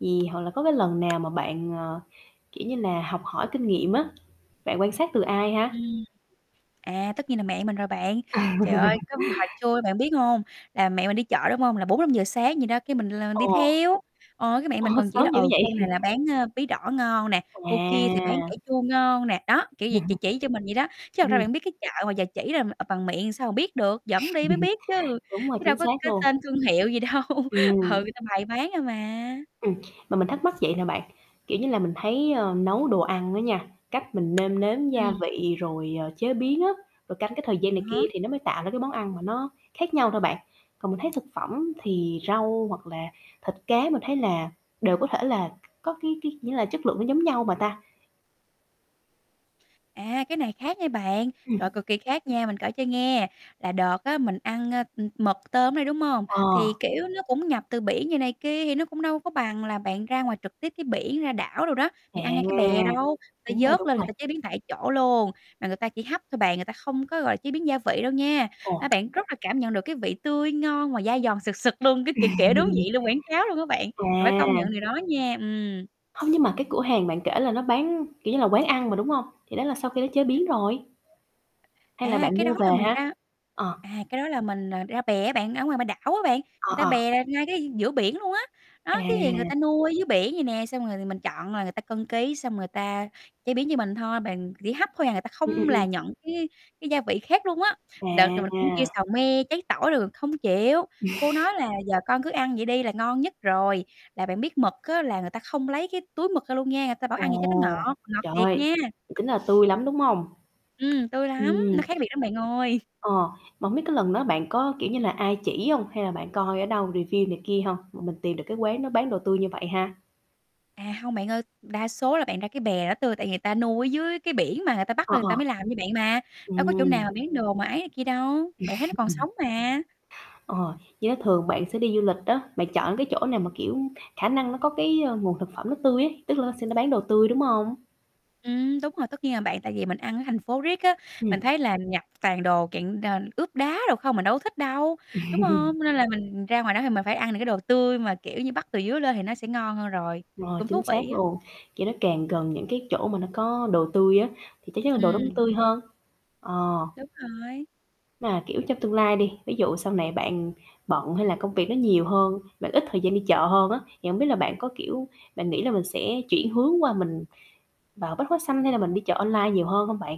Gì hoặc là có cái lần nào mà bạn, ờ, kiểu như là, học hỏi kinh nghiệm á, bạn quan sát từ ai ha? Ừm. À, tất nhiên là mẹ mình rồi bạn. Trời ơi, cái hồi trưa bạn biết hông? Là mẹ mình đi chợ, đúng hông? Là 4:00-5:00 sáng gì đó, cái mình là mình đi Ồ. theo, ờ, cái mẹ Ồ, mình còn chỉ là, sớm dữ ừ, vậy? cô này là bán, ơ, bí đỏ ngon nè, cô kia thì bán À! cải chua ngon nè. Đó, kiểu vậy, chỉ chỉ cho mình vậy đó. Chứ thật ra Ừm. bạn biết cái chợ mà giờ chỉ là, à, bằng miệng sao mà biết được, dẫn đi mới biết chứ, Đúng rồi, chứ đâu chính có xác cái luôn. tên thương hiệu gì đâu, ừ, Ừm. người ta bày bán thôi mà. Ừm, mà mình thắc mắc vậy nè bạn, kiểu như là, mình thấy, ờ, nấu đồ ăn á nha, cách mình nêm nếm gia Ừm. vị, rồi, ờ, chế biến á, rồi canh cái thời gian À này kia há. thì nó mới tạo ra cái món ăn mà nó khác nhau thôi bạn, còn mình thấy thực phẩm thì rau, hoặc là thịt cá mình thấy là đều có thể là có cái cái nghĩa là chất lượng nó giống nhau mà ta. À, cái này khác nha bạn, Ừm. trời cực kỳ khác nha, mình kể cho nghe. Là đợt á, mình ăn, a, ừm, mực tôm ở đây, đúng hông? Ờ. Thì, kiểu, nó cũng nhập từ biển vậy này kia, thì nó cũng đâu có bằng là bạn ra ngoài trực tiếp cái biển, ra đảo đồ đó, thì À! ăn ngay cái bè đâu, người Đúng ta rồi, vớt đúng lên rồi. người ta chế biến tại chỗ luôn, mà người ta chỉ hấp thôi bạn, người ta không có, gọi là, chế biến gia vị đâu nha. Ồ. A, bạn rất là cảm nhận được cái vị tươi ngon và dai giòn sực sực luôn, cái, kiểu, kiểu, đúng vị luôn, quảng cáo luôn á bạn, mà phải công À. nhận điều đó nha. Ừm. Hông, nhưng mà cái cửa hàng bạn kể là nó bán, kiểu như là, quán ăn mà, đúng hông? Thì đó là sau khi nó chế biến rồi. Hay là À, bạn cái đó mua là về mình ha? ra Ờ. à, cái đó là mình, à, ra bè á bạn, ở ngoài ngoài b đảo á bạn, Ờ, người ta ờ. bè ngay cái giữa biển luôn á. À. Đó, cái người ta nuôi ở dưới biển vậy nè, xong rồi mình chọn là người ta cân ký, xong người ta chế biến như mình thôi, bàn chỉ hấp thôi à, người ta Ừm, ừm, không là ừm. nhận cái cái gia vị khác luôn á. Đợt là mình cũng kêu À. xào me, cháy tỏi rồi không chịu, cô nói là "Giờ con cứ ăn vậy đi là ngon nhất rồi." Là bạn biết mực á, là người ta không lấy cái túi mực ra luôn nha, người ta bảo ăn vậy cho nó Ồ! ngọt, ngọt thiệt Trời! nha. Tính là tươi lắm, đúng không? Ừm, tươi lắm, Ừm. nó khác biệt lắm bạn ơi. Ờ, mà hông biết cái lần đó bạn có, kiểu như là, ai chỉ hông? Hay là bạn coi ở đâu review này kia hông mà mình tìm được cái quán đó bán đồ tươi như vậy ha? À, hông bạn ơi. Đa số là bạn ra cái bè đó tươi, tại người ta nuôi ở dưới cái biển mà người ta bắt Ờ, lên người ta ờ. mới làm cho bạn mà, đâu có chỗ nào Ừm. mà bán đồ mà ấy này kia đâu, bạn thấy nó còn sống mà. Ờ. Với thường bạn sẽ đi du lịch á, bạn chọn cái chỗ nào mà, kiểu, khả năng nó có cái nguồn thực phẩm nó tươi ấy, tức là nó sẽ nó bán đồ tươi, đúng hông? Ừm, đúng rồi, tất nhiên à bạn, tại vì mình ăn ở thành phố riết á, Ừm. mình thấy là nhập toàn đồ kiện, à, ướp đá đồ không, mình đâu có thích đâu, đúng hông? Nên là mình ra ngoài đó thì mình phải ăn những cái đồ tươi mà, kiểu như, bắt từ dưới lên thì nó sẽ ngon hơn rồi. Rồi Cũng chính thú xác vị á. luôn, kiểu, nó càng gần những cái chỗ mà nó có đồ tươi á, thì chắc chắn là đồ đó cũng Ừm. tươi hơn. Ờ. Đúng rồi. Mà, kiểu, trong tương lai đi, ví dụ sau này bạn bận, hay là công việc nó nhiều hơn, bạn ít thời gian đi chợ hơn á, thì hổng biết là bạn có, kiểu, bạn nghĩ là mình sẽ chuyển hướng qua mình vào Bách hóa xanh, hay là mình đi chợ online nhiều hơn hông bạn?